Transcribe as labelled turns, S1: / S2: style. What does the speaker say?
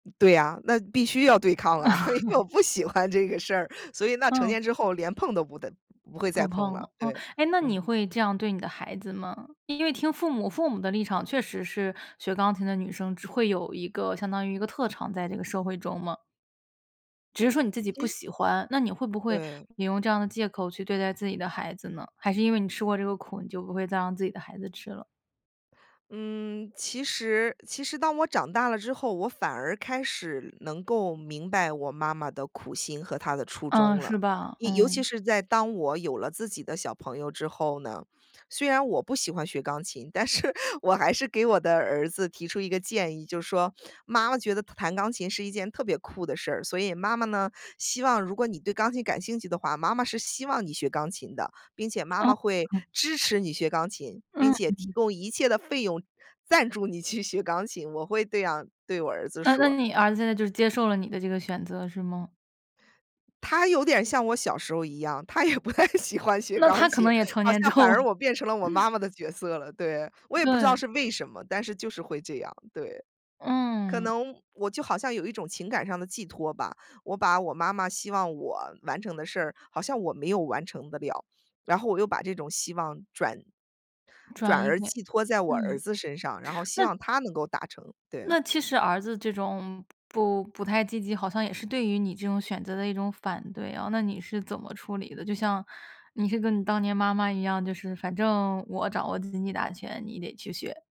S1: 对啊，那必须要对抗啊，因为我 不喜欢这个事儿，所以那成
S2: 嗯。
S1: 年之后连碰都不得不会再
S2: 不
S1: 碰
S2: 碰，
S1: 了，
S2: 嗯。
S1: 对，
S2: 诶，那你
S1: 嗯。
S2: 会这样对你的孩子吗？因为听父母父母的立场确实是学钢琴的女生只会有一个相当于一个特长，在这个社会中嘛。只是说你自己不
S1: 其实
S2: 喜欢，那你会不会
S1: 对。
S2: 你用这样的借口去对待自己的孩子呢？还是因为你吃过这个苦，你就不会再让自己的孩子吃了？
S1: 嗯，其实其实当我长大了之后，我反而开始能够明白我妈妈的苦心和她的初
S2: 嗯，
S1: 衷了。
S2: 是吧。
S1: 一尤其
S2: 嗯。
S1: 是在当我有了自己的小朋友之后呢，虽然我不喜欢学钢琴，但是我还是给我的儿子提出一个建议，就是说：“妈妈觉得弹钢琴是一件特别酷的事儿，所以妈妈呢，希望如果你对钢琴感兴趣的话，妈妈是希望你学钢琴的，并且妈妈会
S2: 哦。
S1: 支持你学钢琴，并且提
S2: 嗯。
S1: 供一切的费用赞助你去学钢琴。”我会这样对我儿子
S2: 那那
S1: 说。
S2: 你儿子现在就是接受了你的这个选择，是吗？
S1: 他有点儿像我小时候一样，他也不太喜欢学
S2: 那
S1: 钢
S2: 他可
S1: 琴。
S2: 能也成
S1: 好
S2: 年之
S1: 像反
S2: 后
S1: 而我变成了我 妈妈的角色了。对，我也不知道
S2: 对。
S1: 是为什么，但是就是会这样，对。可
S2: 嗯。
S1: 能我就好像有一种情感上的寄托吧，我把我妈妈希望我完成的事儿，好像我没有完成得了。然后我又把这种希望转转
S2: 转移一
S1: 而
S2: 点，
S1: 寄托在我儿
S2: 嗯。
S1: 子身上，然后希
S2: 那
S1: 望他能够达成。对。
S2: 那其实儿子这种不不太积极，好像也是对于你这种选择的一种反对啊，那你是怎么处理的？就像你是跟你当年妈妈一样，就是反正我掌握经济大权，你得去学。